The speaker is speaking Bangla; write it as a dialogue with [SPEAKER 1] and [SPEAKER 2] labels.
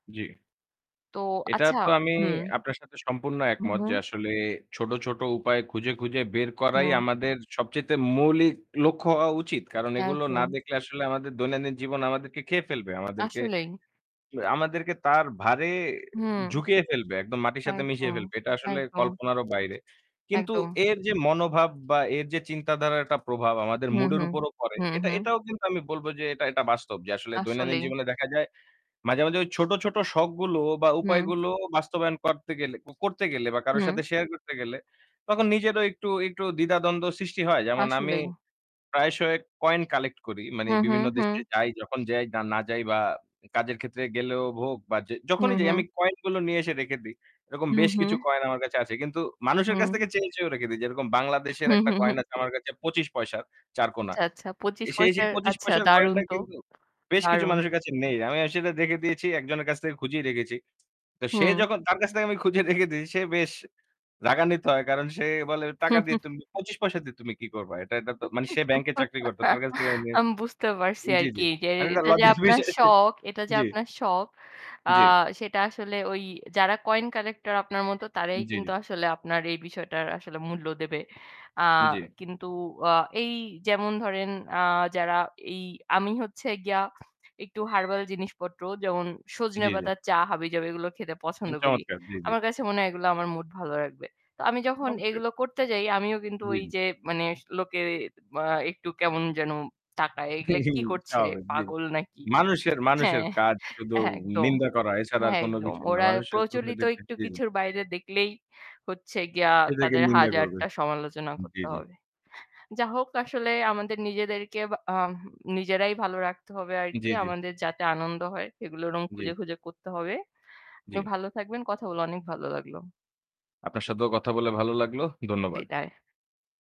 [SPEAKER 1] জ্বী।
[SPEAKER 2] তো
[SPEAKER 1] এটা
[SPEAKER 2] আচ্ছা
[SPEAKER 1] তো আমি
[SPEAKER 2] হুম।
[SPEAKER 1] আপনার সাথে সম্পূর্ণ
[SPEAKER 2] হু,
[SPEAKER 1] একমত যে
[SPEAKER 2] হু।
[SPEAKER 1] আসলে ছোট, ছোট উপায় খুঁজে, খুঁজে বের করাই
[SPEAKER 2] হুম।
[SPEAKER 1] আমাদের সবচাইতে মৌলিক লক্ষ্য হওয়া উচিত। কারণ এগুলো না
[SPEAKER 2] একদম।
[SPEAKER 1] দেখলে আসলে আমাদের দৈনন্দিন জীবন আমাদেরকে খেয়ে ফেলবে। আমাদেরকে
[SPEAKER 2] আসলেই।
[SPEAKER 1] কি ব আমাদেরকে তার ভারে
[SPEAKER 2] হুম।
[SPEAKER 1] ঝুকিয়ে ফেলবে। একদম মাটির সাথে মিশিয়ে
[SPEAKER 2] একদম,
[SPEAKER 1] ফেলবে। এটা আসলে
[SPEAKER 2] একদম।
[SPEAKER 1] কল্পনারও বাইরে। কিন্তু
[SPEAKER 2] একদম।
[SPEAKER 1] এর যে মনোভাব বা এর যে চিন্তাধারার একটা প্রভাব
[SPEAKER 2] উ
[SPEAKER 1] আমাদের
[SPEAKER 2] হু,
[SPEAKER 1] মুড এর
[SPEAKER 2] হু।
[SPEAKER 1] উপরেও পড়ে।
[SPEAKER 2] হু,
[SPEAKER 1] এটা
[SPEAKER 2] হু।
[SPEAKER 1] এটাও কিন্তু আমি বলবো যে এটা এটা বাস্তব যে আসলে দৈনন্দিন
[SPEAKER 2] আসলেই।
[SPEAKER 1] জীবনে দেখা যায় মাঝে, মাঝে ওই ছোট, ছোট শখগুলো বা
[SPEAKER 2] হুম।
[SPEAKER 1] উপায়গুলো বাস্তবায়ন করতে গেলে কো করতে গেলে বা কারো
[SPEAKER 2] হুম।
[SPEAKER 1] সাথে শেয়ার করতে গেলে তখন নিজেরও একটু একটু দ্বিধাদ্বন্দ্ব সৃষ্টি হয়। যেমন আমি
[SPEAKER 2] আসলেই।
[SPEAKER 1] প্রায়শই কয়েন কালেক্ট করি। মানে
[SPEAKER 2] হুম, হুম।
[SPEAKER 1] বিভিন্ন দেশে
[SPEAKER 2] হুম।
[SPEAKER 1] যাই, যখন যাই না যাই বা কাজের ক্ষেত্রে গেলেও হোক বা যে যখনই
[SPEAKER 2] হুম,
[SPEAKER 1] যাই
[SPEAKER 2] হুম
[SPEAKER 1] আমি কয়েন গুলো নিয়ে এসে রেখে দেই। এরকম
[SPEAKER 2] হু,
[SPEAKER 1] বেশ
[SPEAKER 2] হু।
[SPEAKER 1] কিছু কয়েন আমার কাছে আছে। কিন্তু মানুষের কাছ
[SPEAKER 2] হুম।
[SPEAKER 1] থেকে চেয়েও, চেয়েও রেখে দেই। যেরকম বাংলাদেশের
[SPEAKER 2] হু,
[SPEAKER 1] একটা
[SPEAKER 2] হু, হু,
[SPEAKER 1] কয়েন আছে
[SPEAKER 2] হু।
[SPEAKER 1] আমার কাছে ২৫ পয়সার ৪ কোণা।
[SPEAKER 2] আচ্ছা, আচ্ছা ২৫
[SPEAKER 1] সেই সেই
[SPEAKER 2] পয়সার,
[SPEAKER 1] ২৫
[SPEAKER 2] আচ্ছা
[SPEAKER 1] পয়সার
[SPEAKER 2] দারুন
[SPEAKER 1] কয়েনটা
[SPEAKER 2] তো।
[SPEAKER 1] কিন্তু বেশ কিছু
[SPEAKER 2] দারুন।
[SPEAKER 1] মানুষের কাছে নেই। আমি আসলে রেখে দিয়েছি। একজনের কাছ থেকে খুঁজিয়ে রেখেছি। তো সে
[SPEAKER 2] হুম।
[SPEAKER 1] যখন তার কাছ থেকে আমি খুঁজে রেখে দিয়েছি সে বেশ রাগান্বিত হয়। কারণ সে বলে টাকা দিয়ে তুমি ২৫ পয়সা দিয়ে তুমি কি করবা? এটা এটাতো মানে সে ব্যাংকে চাকরি করত। তার কাছ থেকে আমি
[SPEAKER 2] আমি বুঝতে পারছি
[SPEAKER 1] জ্বী,
[SPEAKER 2] আরকি
[SPEAKER 1] জ্বী।
[SPEAKER 2] যে
[SPEAKER 1] মানে এটা
[SPEAKER 2] এটা যে
[SPEAKER 1] লজ্জার
[SPEAKER 2] আপনার
[SPEAKER 1] বিষয়
[SPEAKER 2] শখ। এটা যে
[SPEAKER 1] জ্বী।
[SPEAKER 2] আপনার শখ। আ
[SPEAKER 1] জ্বী।
[SPEAKER 2] সেটা আসলে ওই যারা কয়েন কালেক্টর আপনার মতো তারাই
[SPEAKER 1] জ্বী,
[SPEAKER 2] কিন্তু
[SPEAKER 1] জ্বী।
[SPEAKER 2] আসলে আপনার এই বিষয়টার আসলে মূল্য দেবে। আ
[SPEAKER 1] জ্বী।
[SPEAKER 2] কিন্তু আ এই যেমন ধরেন আ যারা এই আমি হচ্ছে গিয়া একটু হারবাল জিনিসপত্র যেমন সজনে
[SPEAKER 1] জ্বী, জ্বী।
[SPEAKER 2] পাতার চা হাবিজাবি এগুলো খেতে পছন্দ করি।
[SPEAKER 1] চমৎকার, জ্বী, জ্বী।
[SPEAKER 2] আমার কাছে মনে হয় এগুলো আমার মুড ভালো রাখবে। তো আমি যখন
[SPEAKER 1] অবশ্যই।
[SPEAKER 2] এগুলো করতে যাই আমিও কিন্তু
[SPEAKER 1] জ্বী,
[SPEAKER 2] ওই
[SPEAKER 1] জ্বী।
[SPEAKER 2] যে মানে লোকে মা একটু কেমন যেন তাকায়। এগুলো কি করছে?
[SPEAKER 1] স্বাভাবিক জ্বী।
[SPEAKER 2] পাগল নাকি?
[SPEAKER 1] মানুষের মানুষের
[SPEAKER 2] হ্যাঁ
[SPEAKER 1] কাজ শুধু
[SPEAKER 2] একদম।
[SPEAKER 1] নিন্দা করা এছাড়া আর
[SPEAKER 2] হ্যাঁ
[SPEAKER 1] কোন
[SPEAKER 2] একদম।
[SPEAKER 1] কিছুই না।
[SPEAKER 2] ওরা
[SPEAKER 1] মানুষের
[SPEAKER 2] প্রচলিত
[SPEAKER 1] সোসাইটিতে
[SPEAKER 2] একটু
[SPEAKER 1] জি, জি।
[SPEAKER 2] কিছুর বাইরে দেখলেই হচ্ছে গিয়ে
[SPEAKER 1] সেটাকে
[SPEAKER 2] তাদের
[SPEAKER 1] নিন্দা করবে।
[SPEAKER 2] হাজারটা সমালোচনা
[SPEAKER 1] জ্বী,
[SPEAKER 2] করতে
[SPEAKER 1] জ্বী।
[SPEAKER 2] হবে। যা হোক আসলে আমাদের নিজেদেরকে আম নিজেরাই ভালো রাখতে হবে আরকি।
[SPEAKER 1] জ্বী, জ্বী।
[SPEAKER 2] আমাদের যাতে আনন্দ হয় এগুলো এরকম
[SPEAKER 1] জ্বী।
[SPEAKER 2] খুঁজে, খুঁজে করতে হবে। আপনি
[SPEAKER 1] জ্বী।
[SPEAKER 2] ভালো থাকবেন। কথা বলে অনেক ভালো লাগলো।
[SPEAKER 1] আপনার সাথেও কথা বলে ভালো লাগল। ধন্যবাদ।
[SPEAKER 2] বিদায়।